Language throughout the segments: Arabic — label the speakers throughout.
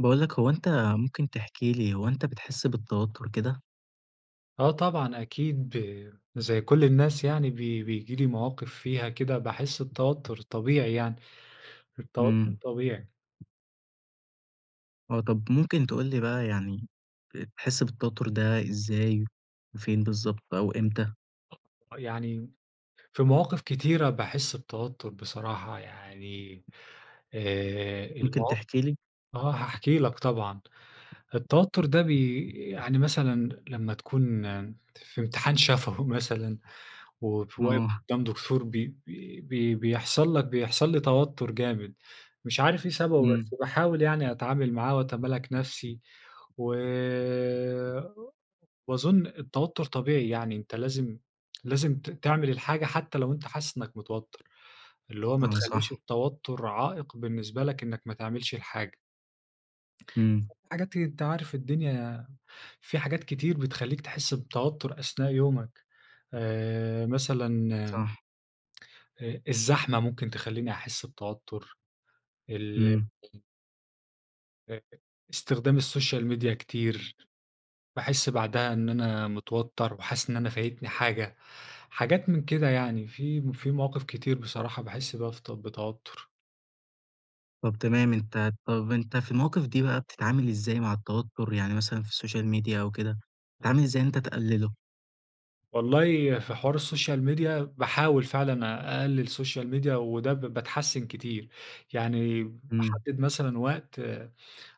Speaker 1: باقول لك هو أنت ممكن تحكي لي هو أنت بتحس بالتوتر كده؟
Speaker 2: آه، طبعًا أكيد ب زي كل الناس يعني بي بييجي لي مواقف فيها كده باحس بتوتر طبيعي يعني، التوتر
Speaker 1: إمم.
Speaker 2: طبيعي.
Speaker 1: آه، طب ممكن تقول لي بقى يعني ب بتحس بالتوتر ده إزاي؟ وفين بالضبط أو إمتى؟
Speaker 2: يعني في مواقف كتيرة باحس بتوتر بصراحة، يعني آآ، الموا
Speaker 1: ممكن تحكي لي؟
Speaker 2: آه، هاحكي لك طبعًا. التوتر ده بي يعني مثلًا لما تكون في امتحان شفوي مثلًا وواقف
Speaker 1: آه.
Speaker 2: قدام دكتور بي بي بيحصل لك بيحصل لي توتر جامد، مش عارف إيه سببه،
Speaker 1: إمم.
Speaker 2: بس باحاول يعني أتعامل معاه وأتمالك نَفسي. و وأظن التوتر طبيعي يعني، أنت لازم لازم ت تعمل الحاجة حتى لو أنت حاسس إنك متوتر، اللي هو ما
Speaker 1: آه،
Speaker 2: تخلّيش
Speaker 1: صح.
Speaker 2: التوتر عائق بالنسبة لك إنك ما تعملش الحاجة.
Speaker 1: إمم.
Speaker 2: حاجات أنت عارف الدنيا في حاجات كتير بتخلّيك تحس بتوتر أثناء يومك آآ، مثلًا
Speaker 1: صح.
Speaker 2: آآ الزحمة ممكن تخلّيني أحس بتوتر. ال
Speaker 1: إمم.
Speaker 2: آآ، استخدام الsocial media كتير. باحس بعدها إن أنا متوتر، وحاسس إن أنا فايتني حاجة، حاجات من كده يعني. في م في مواقف كتير بصراحة باحس بيها في ت بتوتر.
Speaker 1: طب تمام، أنت طب أنت في المواقف دي بقى بتتعامل إزاي مع التوتر؟ يعني مثلًا في الsocial media أو كده،
Speaker 2: امم.
Speaker 1: بتتعامل إزاي إن أنت تقلله؟
Speaker 2: والله في حوار الsocial media باحاول فعلًا أ أقلل social media وده ب باتحسن كتير. يعني
Speaker 1: امم.
Speaker 2: باحدد مثلًا وقت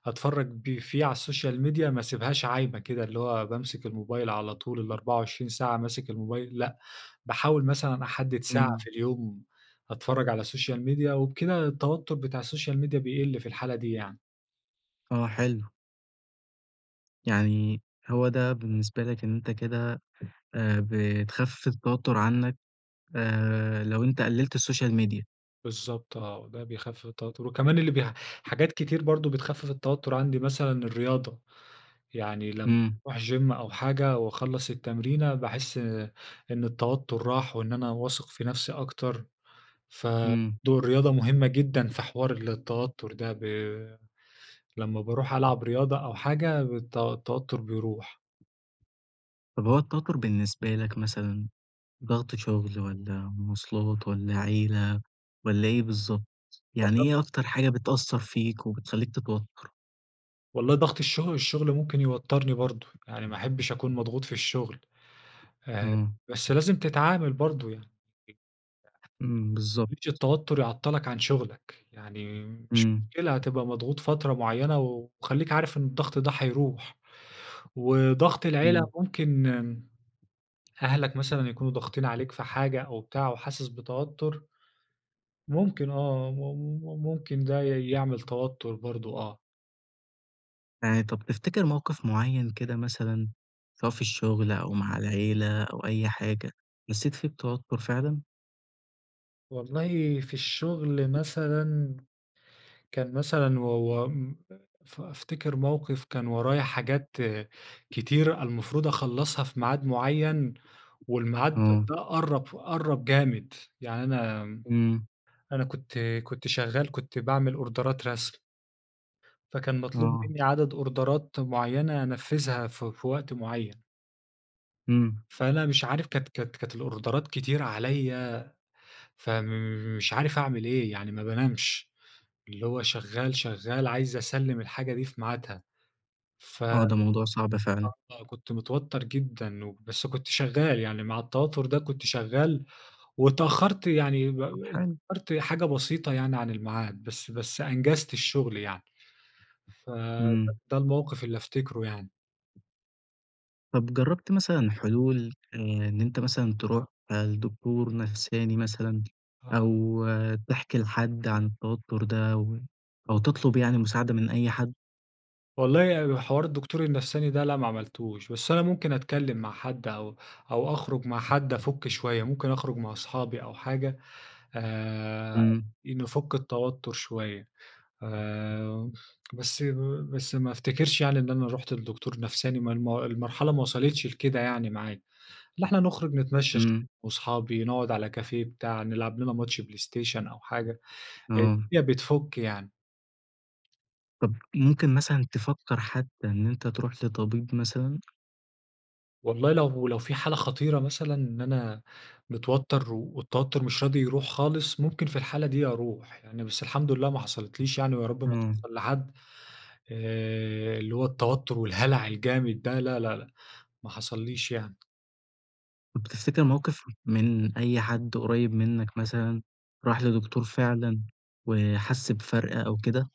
Speaker 2: أتفرج ب فيه على الsocial media ما أسيبهاش عايمة كده، اللي هو بامسك الموبايل على طول ال24 ساعة ماسك الموبايل، لأ، باحاول مثلًا أحدد ساعة
Speaker 1: امم.
Speaker 2: في اليوم أتفرج على الsocial media وبكده التوتر بتاع الsocial media بيقل في الحالة دي يعني.
Speaker 1: آه، حلو. يعني هو ده بالنسبة لك إن أنت كده آآ بتخفف التوتر عنك، آآ لو أنت قللت الsocial media.
Speaker 2: بالضبط آه، وده بيخفف التوتر، وكمان اللي بي حاجات كتير برضه بتخفف التوتر عندي، مثلًا الرياضة. يعني لمّ
Speaker 1: امم.
Speaker 2: اروح gym أو حاجة وأخلّص التمرينة، باحس إن التوتر راح، وإن أنا واثق في نفسي أكتر. فدور
Speaker 1: امم.
Speaker 2: الرياضة مهمة جدًا في حوار التوتر ده ب لمّا باروح ألعب رياضة أو حاجة الت التوتر بيروح.
Speaker 1: طب هو التوتر بالنسبة لك مثلًا، ضغط شغل والّا مواصلات والّا عيلة والّا إيه بالضبط، يعني
Speaker 2: [unintelligible]
Speaker 1: إيه أكتر حاجة بتأثر فيك وبتخليك تتوتر؟
Speaker 2: والله ضغط الشغل، الشغل ممكن يوترني برضو، يعني ما أحبش أكون مضغوط في الشغل. آآ،
Speaker 1: إمم.
Speaker 2: بس لازم تتعامل برضو يعني. [unintelligible]
Speaker 1: إمم،
Speaker 2: ما تخلّيش
Speaker 1: بالضبط.
Speaker 2: التوتر يعطلك عن شغلك. يعني مش
Speaker 1: امم.
Speaker 2: مشكلة، هتبقى مضغوط فترة معينة وخليك عارف إن الضغط ده هيروح. وضغط العيلة،
Speaker 1: امم.
Speaker 2: ممكن أهلك مثلًا يكونوا ضاغطين عليك في حاجة أو بتاع وحاسس بتوتر ممكن آه، مم ممكن ده ي يعمل توتر برضو، آه.
Speaker 1: يعني طب تفتكر موقف معين كده مثلًا، سواء في الشغل أو مع العيلة أو أي حاجة حسيت فيه بتوتر فعلًا؟
Speaker 2: والله في الشغل مثلًا، كان مثلًا و و م ف أفتكر موقف كان ورايا حاجات كتيرة المفروض أخلّصها في ميعاد معين، والميعاد
Speaker 1: آه.
Speaker 2: ده قرّب قرّب جامد، يعني أنا
Speaker 1: امم.
Speaker 2: أنا كنت كنت شغال، كنت بعمل أوردرات رسم فكان مطلوب
Speaker 1: آه.
Speaker 2: مني عدد أوردرات معينة أنفذها في في وقت معين.
Speaker 1: إمم.
Speaker 2: فأنا مش عارف كانت كانت كانت الأوردرات كتيرة عليَّ، فمش عارف أعمل إيه يعني ما بانامش، اللي هو شغال، شغال، عايز أسلِّم الحاجة دي في ميعادها. ف
Speaker 1: آه، ده موضوع صعب فعلًا.
Speaker 2: آه كنت متوتر جدًا، وبس كنت شغال، يعني مع التوتر ده كنت شغال، واتأخرت يعني و
Speaker 1: طب حلو.
Speaker 2: واتأخرت حاجة بسيطة يعني عن الميعاد، بس بس أنجزت الشغل يعني. فده
Speaker 1: إمم.
Speaker 2: الموقف اللي افتكره يعني.
Speaker 1: طب جربت مثلًا حلول آآ، إن أنت مثلًا تروح لدكتور نفساني مثلًا،
Speaker 2: آه.
Speaker 1: أو تحكي لحد عن التوتر ده، أو تطلب يعني مساعدة من أي حد؟
Speaker 2: والله حوار الدكتور النفساني ده لأ ما عملتوش، بس أنا ممكن أتكلم مع حد أو أو أخرج مع حد أفك شوية، ممكن أخرج مع صحابي أو حاجة آآ،
Speaker 1: إمم.
Speaker 2: نفك التوتر شوية، آآ، بس بس ما افتكرش يعني إن أنا رُحت لدكتور نفساني، ما الم المرحلة ما وصلتش لكده يعني معايا. لأ إحنا نخرج نتمشى شوية
Speaker 1: إمم.
Speaker 2: وصحابي نقعد على كافيه بتاع نلعب لنا ماتش بلايستيشن أو حاجة،
Speaker 1: آه.
Speaker 2: الدنيا بتفك يعني.
Speaker 1: طب، ممكن مثلًا تفكر حتى إن أنت تروح لطبيب مثلًا؟
Speaker 2: والله لو لو في حالة خطيرة مثلًا إن أنا متوتر، والتوتر مش راضي يروح خالص، ممكن في الحالة دي أروح. يعني بس الحمد لله ما حصلتليش يعني، ويا رب ما
Speaker 1: إمم.
Speaker 2: تحصل لحد. آآ، اللي هو التوتر والهلع الجامد ده لا، لا، لا، ما حصلّيش يعني.
Speaker 1: طب تفتكر موقف من أي حد قريب منك مثلًا، راح لدكتور فعلًا وحس بفرق أو كده؟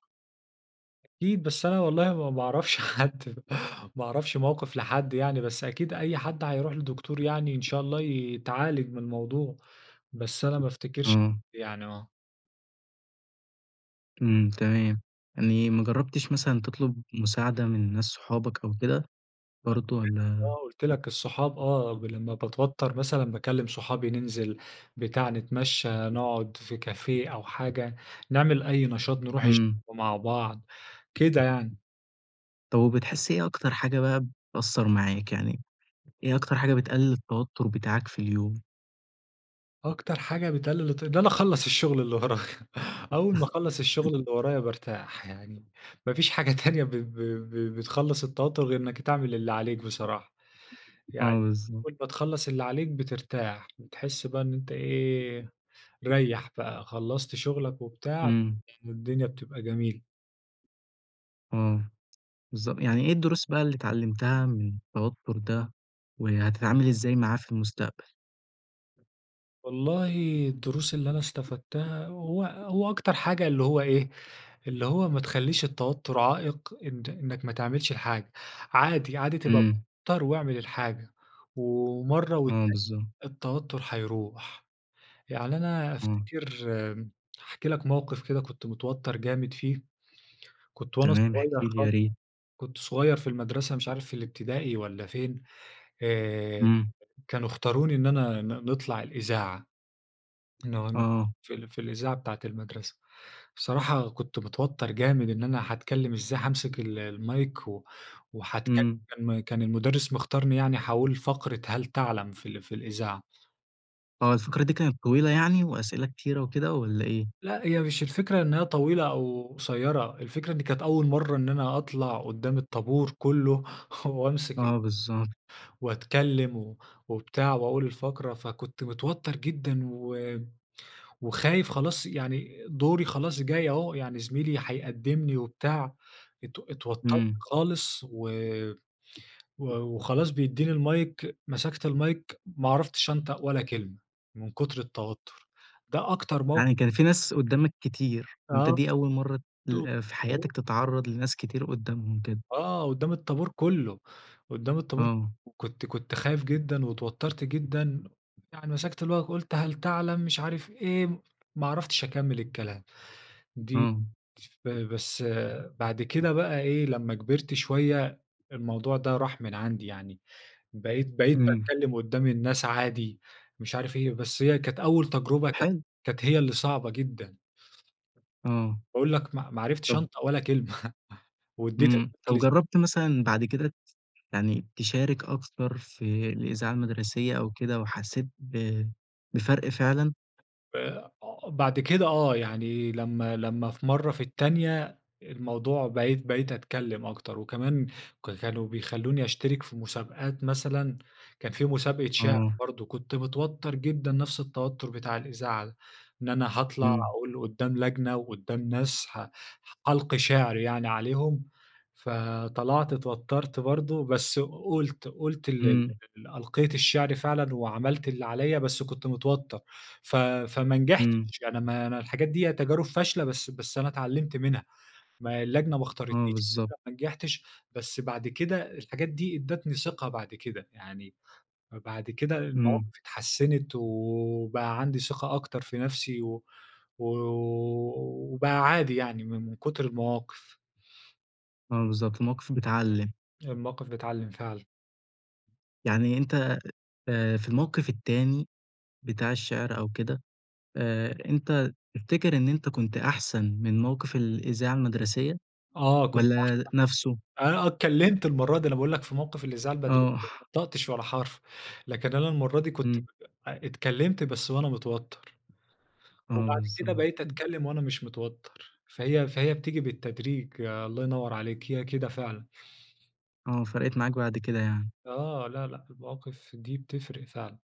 Speaker 2: أكيد، بس أنا والله ما باعرفش حد، ما أعرفش موقف لحد يعني. بس أكيد أي حد هيروح لدكتور يعني إن شاء الله ي يتعالج من الموضوع. بس أنا ما أفتكرش
Speaker 1: آه.
Speaker 2: يعني آه.
Speaker 1: إمم. تمام. يعني ما جربتش مثلًا تطلب مساعدة من ناس صحابك أو كده؟
Speaker 2: ما أنا قُلت
Speaker 1: برضه
Speaker 2: لك،
Speaker 1: والّا
Speaker 2: آه. قُلت لك الصحاب آه، ب لمّا باتوتر مثلًا باكلم صحابي ننزل، بتاع نتمشى، نقعد في كافيه أو حاجة، نعمل أي نشاط نروح الچ
Speaker 1: إمم.
Speaker 2: مع بعض. كده يعني.
Speaker 1: طب وبتحس إيه أكتر حاجة بقى بتأثر معاك؟ يعني إيه أكتر حاجة بتقلل التوتر بتاعك في اليوم؟
Speaker 2: أكتر حاجة بتقلل الت إن أنا أخلص الشغل اللي ورايا، أول ما أخلص الشغل اللي ورايا بارتاح يعني، ما فيش حاجة تانية ب ب ب بتخلص التوتر غير إنك تعمل اللي عليك بصراحة. يعني
Speaker 1: آه، بالضبط.
Speaker 2: أول ما تخلص اللي عليك بترتاح، بتحس بقى إن أنت إيه، ريّح بقى خلصت شغلك وبتاع
Speaker 1: إمم.
Speaker 2: والدنيا بتبقى جميلة.
Speaker 1: آه، بالضبط. يعني ايه الدروس بقى اللي اتعلمتها من التوتر ده؟ وهتتعامل إزاي معاه في المستقبل؟
Speaker 2: والله الدروس اللي أنا استفدتها، هو هو أكتر حاجة اللي هو إيه، اللي هو ما تخليش التوتر عائق إن إنك ما تعملش الحاجة. عادي، عادي تبقى
Speaker 1: إمم.
Speaker 2: متوتر واعمل الحاجة ومرة
Speaker 1: آه،
Speaker 2: والتانية
Speaker 1: بالضبط.
Speaker 2: التوتر هيروح. يعني أنا
Speaker 1: آه.
Speaker 2: أفتكر هاحكي لك موقف كده كنت متوتر جامد فيه، كنت وأنا
Speaker 1: تمام احكِ
Speaker 2: صغير
Speaker 1: لي
Speaker 2: خال
Speaker 1: يا ريت.
Speaker 2: كنت صغير في المدرسة، مش عارف الابتدائي والّا فين، آآ،
Speaker 1: إمم.
Speaker 2: كانوا اختاروني إن أنا ن نطلع الإذاعة، إنه إنه
Speaker 1: آه.
Speaker 2: في ال في الإذاعة بتاعة المدرسة. الصراحة كنت متوتر جامد إن أنا هاتكلم إزاي، هامسك ال المايك،
Speaker 1: إمم.
Speaker 2: وهاتكلم، كان المدرس مختارني يعني، هاقول فقرة هل تعلم، في ال في الإذاعة.
Speaker 1: آه، الفقرة دي كانت طويلة يعني وأسئلة كتيرة وكده والّا إيه؟
Speaker 2: لا، هي مش الفكرة إنها طويلة أو قصيرة، الفكرة إن كانت أول مرة إن أنا أطلع قدام الطابور كله، وأمسك ال
Speaker 1: آه، بالضبط.
Speaker 2: وأتكلم و وبتاع وأقول فقرة، فكنت متوتر جدًا و وخايف خلاص يعني دوري خلاص جاي أهو، يعني زميلي هيقدمني وبتاع، ات اتوترت
Speaker 1: إمم.
Speaker 2: خالص و و وخلاص بيديني المايك، مسكت المايك، ما عرفتش انطق ولا كلمة من كتر التوتر. ده أكتر موق
Speaker 1: يعني كان في ناس قدامك كتير وأنت
Speaker 2: آه.
Speaker 1: دي أول مرة ت ل في حياتك
Speaker 2: [unintelligible]
Speaker 1: تتعرض لناس كتير قدامهم كده؟
Speaker 2: آه، قدام الطابور كله، قدام الطابور
Speaker 1: آه.
Speaker 2: وكنت كنت خايف جدًا واتوترت جدًا، يعني مسكت المايك قلت هل تعلم مش عارف إيه، ما عرفتش أكمل الكلام. دي
Speaker 1: آه.
Speaker 2: [unintelligible] بس بعد كده بقى إيه، لما كبرت شوية الموضوع ده راح من عندي يعني، بقيت بقيت
Speaker 1: إمم.
Speaker 2: باتكلم قدام الناس عادي، مش عارف إيه. بس هي كانت أول
Speaker 1: طب
Speaker 2: تجربة كانت
Speaker 1: حلو.
Speaker 2: كانت هي اللي صعبة جدًا.
Speaker 1: آه.
Speaker 2: باقول لك ما ما عرفتش
Speaker 1: طب
Speaker 2: أنطق ولا كلمة وأديت
Speaker 1: إمم،
Speaker 2: [unintelligible]
Speaker 1: طب
Speaker 2: لزم
Speaker 1: جربت مثلًا بعد كده ت يعني تشارك أكتر في الإذاعة المدرسية أو كده؟ وحسيت ب بفرق فعلًا؟
Speaker 2: آآ، آه، بعد كده آه يعني لمّا لمّا في مرة في التانية الموضوع بقيت بقيت أتكلم أكتر، وكمان ك كانوا بيخلّوني أشترك في مسابقات مثلًا، كان في مسابقة شِعر،
Speaker 1: آه.
Speaker 2: برضه كنت متوتر جدًا نفس التوتر بتاع الإذاعة ده، إن أنا هاطلع
Speaker 1: إمم.
Speaker 2: أقول قُدام لجنة وقُدام ناس ه هالقي شِعر يعني عليهم. فطلعت اتوترت برضه، بس قُلت قُلت ال
Speaker 1: إمم.
Speaker 2: ال ألقيت الشِعر فعلًا وعملت اللي عليَّ بس كنت متوتر ف فما
Speaker 1: إمم.
Speaker 2: نجحتش، يعني ما أنا الحاجات دِيَّة تجارب فاشلة بس بس أنا اتعلمت منها. ما اللجنة ما اختارتنيش
Speaker 1: آه، بالضبط.
Speaker 2: علشان ما نجحتش، بس بعد كده الحاجات دي أدتني ثقة بعد كده، يعني ب بعد كده المواقف
Speaker 1: إمم.
Speaker 2: اتحسنت وبقى عندي ثقة أكتر في نفسي و وبقى عادي يعني من من كتر المواقف.
Speaker 1: آه، بالضبط، المواقف بتعلِّم.
Speaker 2: المواقف بتعلِّم فعلًا.
Speaker 1: يعني أنت، آآ، في الموقف التاني بتاع الشعر أو كده، آآ، أنت تفتكر إن أنت كنت أحسن من موقف الإذاعة المدرسية،
Speaker 2: آه، كنت
Speaker 1: والّا نفسه؟
Speaker 2: أحسن. آه، آه اتكلمت المرة دي، أنا باقول لك في موقف الإذاعة المدرسية
Speaker 1: آه.
Speaker 2: ما نطقتش ولا حرف، لكن أنا المرة دي كنت
Speaker 1: إمم.
Speaker 2: [unintelligible] اتكلمت بس وأنا متوتر.
Speaker 1: آه،
Speaker 2: وبعد كده
Speaker 1: بالضبط.
Speaker 2: بقيت أتكلم وأنا مش متوتر. فهي فهي بتيجي بالتدريج، الله ينور عليك، هي كده فعلًا.
Speaker 1: آه، فرقِت معاك بعد كده يعني؟
Speaker 2: آه. لأ، لأ، المواقف دي بتفرْق فعلًا.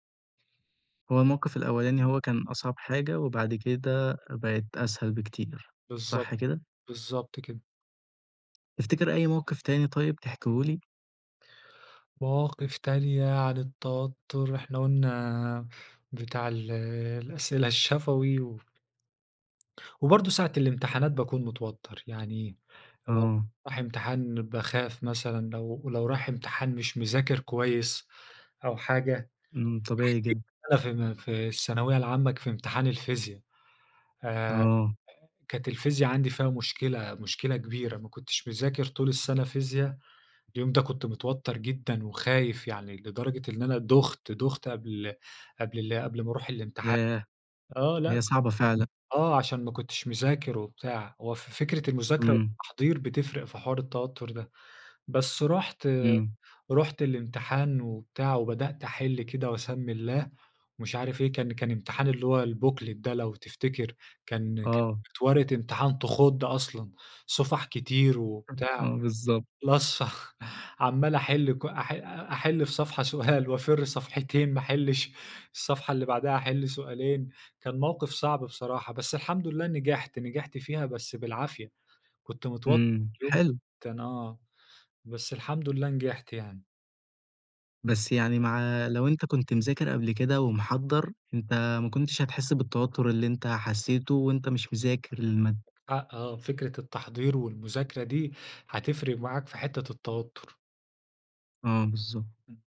Speaker 1: هو الموقِف الأولاني هو كان أصعب حاجة، وبعد كده بقِت أسهل بكتير.
Speaker 2: بالضبط،
Speaker 1: صح كده؟
Speaker 2: بالضبط كده.
Speaker 1: تفتكر أي موقِف تاني طيب تحكيه لي؟
Speaker 2: مواقف تانية عن التوتر. إحنا قُلنا بتاع ال الأسئلة الشفوي و وبرضه ساعة الامتحانات باكون متوتر. يعني لو
Speaker 1: آه.
Speaker 2: رايح امتحان باخاف مثلًا، لو لو رايح امتحان مش مذاكر كويس أو حاجة.
Speaker 1: امم. طبيعي جدًا.
Speaker 2: [unintelligible] أنا في م في الثانوية العامة ك في امتحان الفيزيا. آآ،
Speaker 1: آه.
Speaker 2: كانت الفيزيا عندي فيها مشكلة، مشكلة كبيرة، ما كنتش مذاكر طول السنة فيزيا، اليوم ده كنت متوتر جدًا وخايف يعني، لدرجة إن أنا دُخت، دُخت قبل قبل ال قبل ما أروح الامتحان
Speaker 1: ياه!
Speaker 2: آه، لأ
Speaker 1: هي صعبة فعلًا.
Speaker 2: آه، عشان ما كنتش مذاكر وبتاع. هو ف فكرة المذاكرة
Speaker 1: امم.
Speaker 2: والتحضير بتفرق في حوار التوتر ده. بس رُحت
Speaker 1: امم.
Speaker 2: رُحت الامتحان وبتاع، وبدأت أحِل كده وأسمّي الله ومش عارف إيه، كان كان امتحان اللي هو الbooklet ده لو تفتكر. كان
Speaker 1: آه.
Speaker 2: كانت ورقة امتحان تخُض أصلًا. صُفح كتير وبتاع.
Speaker 1: آه، بالضبط.
Speaker 2: [unintelligible] عَمّال أحل كل أح أحِل في صفحة سؤال وأفر صفحتين ما أحلّش، الصفحة اللي بعدها أحِل سؤالين كان موقِف صعْب بصراحة. بس الحمد لله نجحْت، نجحْت فيها بس بالعافية. كنت متوتر
Speaker 1: امم،
Speaker 2: اليوم
Speaker 1: حلو.
Speaker 2: كان آه. بس الحمد لله نجحْت يعني.
Speaker 1: بس يعني مع لو أنت كُنت مذاكر قبل كده ومحضّر، أنت ما كنتش هتحسّ بالتوتر اللي أنت حسّيته، وأنت مش مذاكر المادة.
Speaker 2: آه آه. فكرة التحضير والمذاكرة دي هتفرْق معاك في حتّة التوتر.
Speaker 1: آه، بالضبط.
Speaker 2: امم.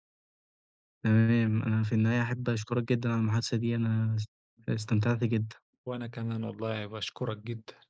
Speaker 1: تمام. أنا في النهاية أحب أشكرك جدًا على المحادثة دي. أنا اس
Speaker 2: [unintelligible]
Speaker 1: استمتعْت جدًا.
Speaker 2: وأنا كمان والله. باشكرك جدًا.